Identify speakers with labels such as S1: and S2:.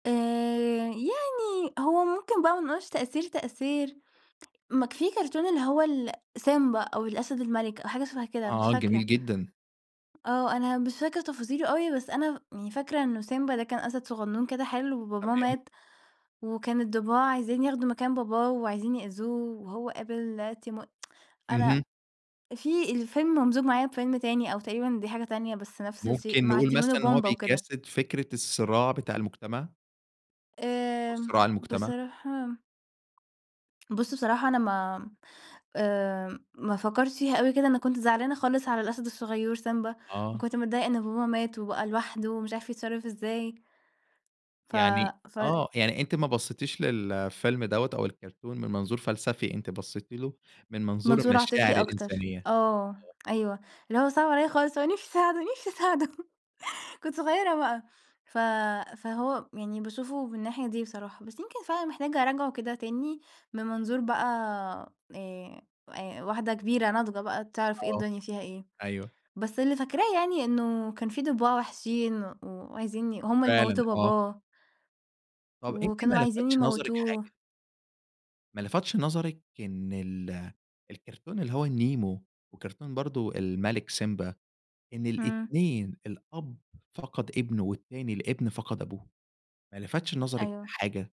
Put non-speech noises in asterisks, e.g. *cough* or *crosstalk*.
S1: آآ، يعني هو ممكن بقى ما نقولش تأثير، تأثير، ما ك فيه كرتون اللي هو ال سيمبا أو الأسد المَلِك أو حاجة شبه كده، مش
S2: آه، جميل
S1: فاكرة.
S2: جدًا.
S1: آه. أنا مش فاكرة تفاصيله أوي، بس أنا يعني فاكرة إنه سيمبا ده كان أسد صغنون كده حلو وباباه
S2: تمام.
S1: مات، وكان الضباع عايزين ياخدوا مكان باباه وعايزين يأذوه وهو قابل تيمو *tsk* أنا
S2: اهم.
S1: فيه الفيلم ممزوج معايا بفيلم تاني أو تقريبًا دي حاجة تانية بس نفس الشيء،
S2: ممكن
S1: مع
S2: نقول
S1: تيمون
S2: مثلًا إن هو
S1: وبومبا وكده.
S2: بيجسد فكرة الصراع بتاع المجتمع؟ أو
S1: آمم،
S2: صراع المجتمع؟
S1: بصراحة بُص، بصراحة أنا ما آآ، ما فكرتش فيها أوي كده أنا كنت زعلانة خالص على الأسد الصغيور سيمبا
S2: آه.
S1: وكنت متضايقة إن باباه مات وبقى لوحده ومش عارف يتصرَّف إزاي. ف
S2: يعني
S1: ف
S2: آه. يعني أنتِ ما بصيتيش للفيلم دوّة أو الكرتون من منظور فلسفي، أنتِ بصيتِ له من منظور
S1: منظور عاطفي
S2: المشاعر
S1: أكتر.
S2: الإنسانية؟
S1: آه،
S2: آه.
S1: أيوه. اللي هو صِعِب عليَّ خالص، وأنا نفْسي أساعده نفْسي أساعده، *chuckles* كنت صغيرة بقى ف فهو يعني باشوفه من الناحية دي بصراحة، بس يمكن فعلًا محتاجة أراجعه كده تاني من منظور بقى آآ آآ واحدة كبيرة ناضجة بقى تعرَف إيه
S2: آه.
S1: الدنيا فيها إيه.
S2: أيوه.
S1: بس اللي فاكراه يعني إنه كان فيه ضباع وحشين و وعايزين ي هُم اللي
S2: فعلًا.
S1: موتوا
S2: آه.
S1: باباه.
S2: طَب أنتِ ما
S1: وكانوا عايزين
S2: لفتش نظرِك حاجة؟
S1: يموتوه.
S2: ما لفتش نظرِك إن ال الكرتون اللي هو النيمو، وكرتون برضو الملك سيمبا إن
S1: إمم.
S2: الاتنين الأب فَقَد ابنه، والتاني الابن فَقَد أبوه، ما لفتش نظرِك
S1: أيوه.
S2: لحاجة؟